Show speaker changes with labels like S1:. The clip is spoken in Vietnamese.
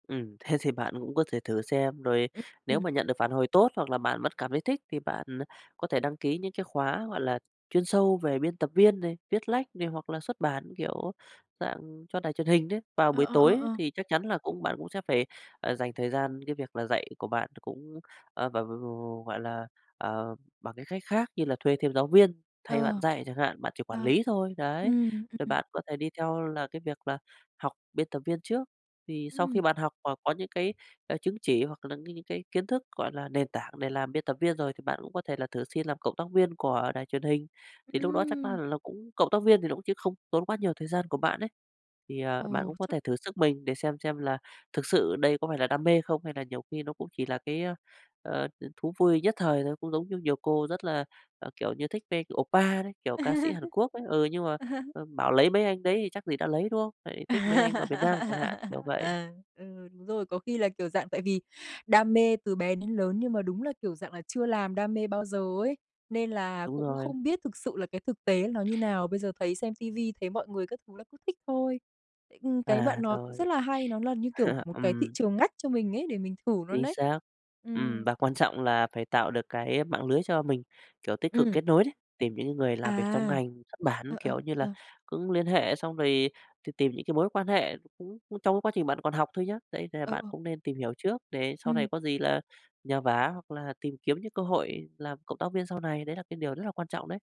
S1: Ừm, thế thì bạn cũng có thể thử xem, rồi
S2: Ưm.
S1: nếu
S2: Ừm.
S1: mà nhận được phản hồi tốt, hoặc là bạn vẫn cảm thấy thích thì bạn có thể đăng ký những cái khóa, gọi là, chuyên sâu về biên tập viên này, viết lách này, hoặc là xuất bản, kiểu dạng, cho đài truyền hình đấy. Vào
S2: Ờ,
S1: buổi
S2: ờ,
S1: tối
S2: ờ,
S1: ấy
S2: ờ.
S1: thì chắc chắn là cũng bạn cũng sẽ phải, ờ, dành thời gian cái việc là dạy của bạn th cũng, ờ, v v gọi là, ờ, bằng những cách khác như là thuê thêm giáo viên thay bạn
S2: Ờ.
S1: dạy chẳng hạn, bạn chỉ quản
S2: Ờ,
S1: lý thôi, đấy.
S2: ừm,
S1: Thì
S2: ừm.
S1: bạn có thể đi theo là cái việc là học biên tập viên trước, thì sau khi
S2: Ừm.
S1: bạn học và có những cái, ờ, chứng chỉ, hoặc là những cái cái kiến thức, gọi là, nền tảng để làm biên tập viên rồi, thì bạn cũng có thể là thử xin làm cộng tác viên của đài truyền hình. Thì lúc đó chắc á
S2: Ừm.
S1: là nó cũng cộng tác viên thì nó cũng chiếm không tốn quá nhiều thời gian của bạn ấy, thì, à, bạn
S2: Ồ,
S1: cũng có
S2: chắc
S1: thể thử sức mình để xem xem là thực sự đây có phải là đam mê không, hay là nhiều khi nó cũng chỉ là cái, ơ, ờ, ừm, thú vui nhất thời thôi. Cũng giống như nhiều cô rất là, ờ, kiểu như, thích vê, kiểu, oppa đấy, kiểu, ca sĩ Hàn Quốc ấy, ừ, nhưng mà, ờ, bảo lấy mấy anh đấy thì chắc gì đã lấy, đúng hông? Lại
S2: À,
S1: thích mấy anh ở Việt Nam chẳng hạn, kiểu vậy.
S2: ờ, ừ, đúng rồi, có khi là, kiểu dạng, tại vì đam mê từ bé đến lớn, nhưng mà đúng là, kiểu dạng là, chưa làm đam mê bao giờ ấy, nên là
S1: Đúng
S2: cũng
S1: rồi.
S2: không biết thực sự là cái thực tế nó như nào, bây giờ thấy xem ti vi thấy mọi người các thứ là cứ thích thôi. Ưm, cái
S1: À,
S2: bạn nói cũng
S1: rồi,
S2: rất là hay, nó là, như kiểu,
S1: à,
S2: một cái thị
S1: ừm.
S2: trường ngách cho mình ấy, để mình thử luôn
S1: Chính
S2: đấy.
S1: xác, ừm,
S2: Ừm.
S1: và quan trọng là phải tạo được cái mạng lưới cho mình, kiểu, tích cực
S2: Ừm.
S1: kết nối đấy. Tìm những cái người làm việc trong
S2: À,
S1: ngành xuất bản,
S2: ờ, ờ,
S1: kiểu như là,
S2: ờ.
S1: cũng liên hệ xong rồi t tìm những cái mối quan hệ nó cũng, ưm, trong cái quá trình bạn còn học thôi nhá, đấy, nên là
S2: Ờ,
S1: bạn
S2: ờ.
S1: cũng nên tìm hiểu trước để sau này
S2: Ừm.
S1: có gì là nhờ vả, hoặc là tìm kiếm những cơ hội làm cộng tác viên sau này, đấy là cái điều rất là quan trọng đấy.